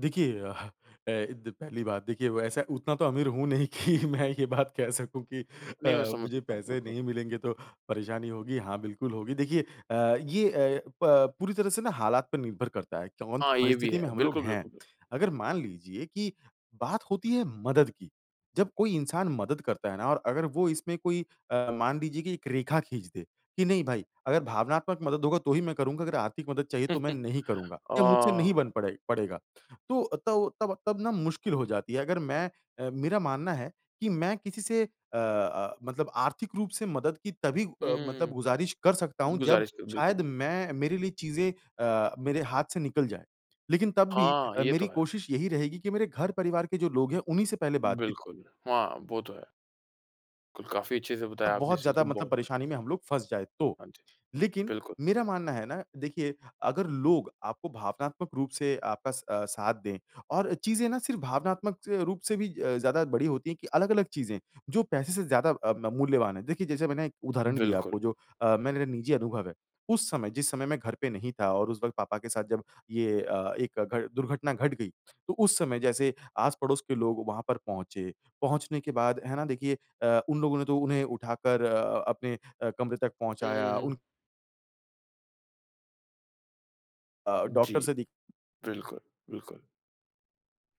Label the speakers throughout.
Speaker 1: देखिए अ अ, द पहली बात देखिए वैसे उतना तो अमीर हूँ नहीं कि मैं ये बात कह सकूँ कि
Speaker 2: नहीं मैं
Speaker 1: अ,
Speaker 2: समझ
Speaker 1: मुझे
Speaker 2: सकता हूँ,
Speaker 1: पैसे
Speaker 2: बिल्कुल।
Speaker 1: नहीं मिलेंगे तो परेशानी होगी हाँ, बिल्कुल होगी। देखिए अ, ये अ, प पूरी तरह से ना हालात पर निर्भर करता है कौन-सी
Speaker 2: हाँ, ये भी
Speaker 1: परिस्थिति
Speaker 2: है,
Speaker 1: में हम लोग
Speaker 2: बिल्कुल,
Speaker 1: हैं।
Speaker 2: बिल्कुल।
Speaker 1: अगर मान लीजिए कि बात होती है मदद की, जब कोई इंसान मदद करता है ना और अगर वह इसमें कोई अ, मान लीजिए कि एक रेखा खींच दे, कि नहीं भाई, अगर भावनात्मक मदद होगा तो ही मैं करूँगा अगर आर्थिक मदद चाहिए तो मैं नहीं करूँगा, या मुझसे नहीं बन
Speaker 2: अ।
Speaker 1: पड़े पड़ेगा। तो तब तब तब ना मुश्किल हो जाती है अगर मैं अ, मेरा मानना है कि मैं किसी से अ अ, मतलब आर्थिक रूप से मदद की तभी
Speaker 2: हुँ,
Speaker 1: अ,
Speaker 2: हुँ,
Speaker 1: मतलब
Speaker 2: हुँ,
Speaker 1: गुज़ारिश कर सकता हूँ जब
Speaker 2: गुज़ारिश करें,
Speaker 1: शायद
Speaker 2: बिल्कुल।
Speaker 1: मैं मेरे लिए चीज़ें अ, मेरे हाथ से निकल जाएँ। लेकिन तब भी
Speaker 2: हाँ,
Speaker 1: अ,
Speaker 2: ये तो
Speaker 1: मेरी
Speaker 2: है।
Speaker 1: कोशिश यही रहेगी कि मेरे घर-परिवार के जो लोग हैं उन्हीं से पहले बातचीत
Speaker 2: बिल्कुल, हाँ, वो तो है। क काफ़ी अच्छे से
Speaker 1: अ,
Speaker 2: बताया आपने
Speaker 1: बहुत
Speaker 2: इस चीज़ को,
Speaker 1: ज़्यादा मतलब
Speaker 2: बहुत बढ़िया।
Speaker 1: परेशानी में हम लोग फँस जाएँ तो।
Speaker 2: हाँ जी,
Speaker 1: लेकिन,
Speaker 2: बिल्कुल।
Speaker 1: मेरा मानना है ना देखिए अगर लोग आपको भावनात्मक रूप से आपका अ, साथ दें, और चीज़ें ना सिर्फ भावनात्मक अ, रूप से भी अ, ज़्यादा बड़ी होती है कि अलग-अलग चीज़ें, जो पैसे से ज़्यादा अ, म मूल्यवान है। देखिए जैसे मैंने एक उदाहरण दिया
Speaker 2: बिल्कुल।
Speaker 1: आपको जो अ, मेरा निजी अनुभव है। उस समय, जिस समय मैं घर पे नहीं था और उस वक़्त पापा के साथ जब ये अ, एक घट दुर्घटना घट गई। तो उस समय जैसे आस-पड़ोस के लोग वहाँ पर पहुँचे, पहुँचने के बाद है ना देखिए अ, उन लोगों ने तो उन्हें उठाकर अ, अपने अ, कमरे तक
Speaker 2: हुँ, हुँ,
Speaker 1: पहुँचाया।
Speaker 2: हुँ।
Speaker 1: उन अ, डॉक्टर
Speaker 2: जी,
Speaker 1: से दिख
Speaker 2: बिल्कुल, बिल्कुल।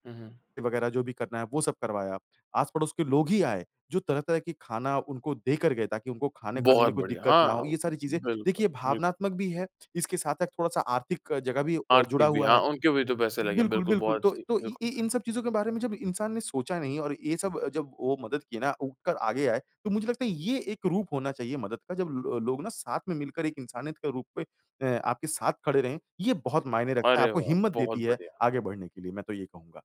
Speaker 2: हुँ, हुँ।
Speaker 1: वगैरह जो भी करना है वो सब करवाया, आस-पड़ोस के लोग ही आए, जो तरह-तरह के खाना उनको देकर गए ताकि उनको खाने खाने
Speaker 2: बहुत
Speaker 1: में कोई
Speaker 2: बढ़िया!
Speaker 1: दिक्कत ना
Speaker 2: हाँ,
Speaker 1: हो ये सारी चीज़ें
Speaker 2: बिल्कुल,
Speaker 1: देखिए
Speaker 2: बिल्कुल।
Speaker 1: भावनात्मक भी है, इसके साथ-साथ थोड़ा-सा आर्थिक जगह भी जुड़ा
Speaker 2: आर्थिक भी
Speaker 1: हुआ
Speaker 2: हाँ,
Speaker 1: है,
Speaker 2: उनके भी तो पैसे लगे हैं
Speaker 1: बिल्कुल,
Speaker 2: बिल्कुल,
Speaker 1: बिल्कुल।
Speaker 2: बहुत
Speaker 1: तो
Speaker 2: अच्छी,
Speaker 1: तो इ इ
Speaker 2: बिल्कुल।
Speaker 1: इन सब चीज़ों के बारे में जब इंसान ने सोचा नहीं और ये सब जब वो मदद किए ना उठकर आगे आए, तो मुझे लगता है ये एक रूप होना चाहिए मदद का जब लो लोग ना साथ में मिलकर एक इंसानियत के रूप में अ, आपके साथ खड़े रहें। ये बहुत मायने रखता है,
Speaker 2: अरे
Speaker 1: आपको
Speaker 2: वाह!
Speaker 1: हिम्मत
Speaker 2: बहुत
Speaker 1: देती है
Speaker 2: बढ़िया।
Speaker 1: आगे बढ़ने के लिए, मैं तो ये कहूँगा।